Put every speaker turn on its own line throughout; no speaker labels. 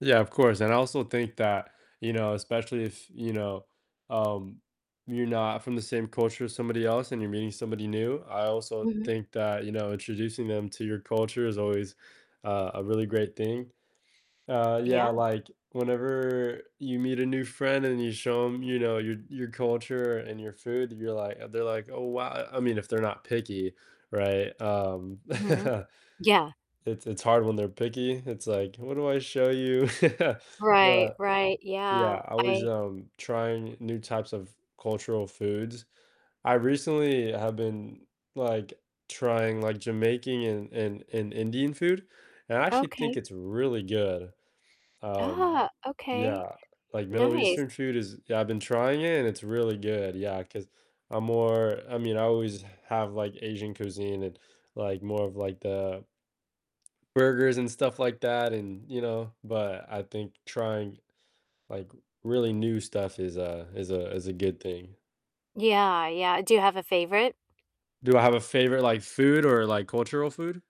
Yeah, of course, and I also think that, you know, especially if you know, um, you're not from the same culture as somebody else and you're meeting somebody new, I also
Mhm.
think that, you know, introducing them to your culture is always, uh, a really great thing. Uh,
Yeah.
yeah, like, whenever you meet a new friend and you show them, you know, your your culture and your food, you're like they're like, "Oh, wow," I I mean, if they're not picky, right? Um
Mhm. Yeah.
it's it's hard when they're picky, it's like, "What do I show you?"
Right,
But,
right,
yeah,
yeah,
always,
I
um, trying new types of cultural foods. I recently have been, like, trying, like, Jamaican and and and Indian food, and I actually think
Okay.
it's really good, um
Ah, okay.
yeah, like, Middle
Nice.
Eastern food is yeah, I've been trying it and it's really good yeah, 'cause I'm more I mean, I always have, like, Asian cuisine and, like, more of, like, the burgers and stuff like that and you know? But I think trying, like, really new stuff is a is a is a good thing.
Yeah, yeah, do you have a favorite?
Do I have a favorite, like, food or, like, cultural food?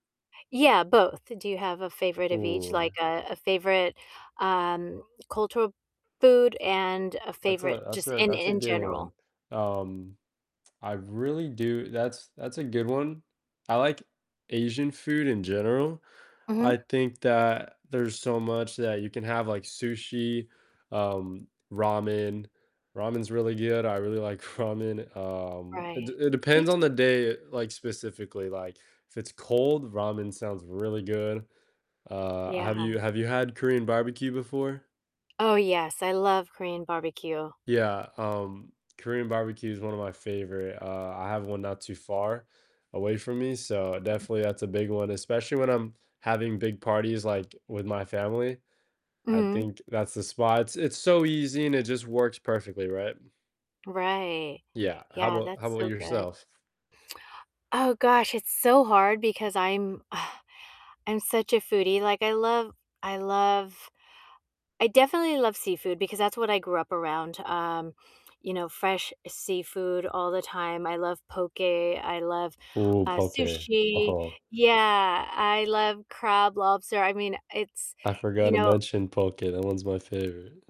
Yeah, both, do you have a favorite of each? Like,
Ooh.
a a favorite, um, cultural food and a
That's
favorite
a that's
just
a
in
that's a
in
good
general?
one. Um, I really do that's that's a good one, I like Asian food in general.
Mhm.
I think that there's so much that you can have, like, sushi, um, ramen; ramen's really good, I really like ramen, um, it
Right.
d it
Me
depends on the
too.
day, like, specifically, like, if it's cold, ramen sounds really good, uh, have
Yeah.
you have you had Korean barbecue before?
Oh, yes, I love Korean barbecue.
Yeah, um, Korean barbecue is one of my favorite, uh, I have one not too far away from me, so definitely that's a big one, especially when I'm having big parties, like, with my family, I
Mhm.
think that's the spot. It's so easy and it just works perfectly, right?
Right.
Yeah, how
Yeah,
'bout how
that's
‘bout
so good.
yourself?
Oh, gosh, it's so hard because I'm I'm such a foodie, like, I love I love I definitely love seafood because that's what I grew up around, um, you know, fresh seafood all the time. I love poke, I love,
Ooh,
uh,
poke,
sushi
oh.
yeah, I love crab, lobster I mean, it's,
I forgot
you
to
know
mention poke, that one's my favorite.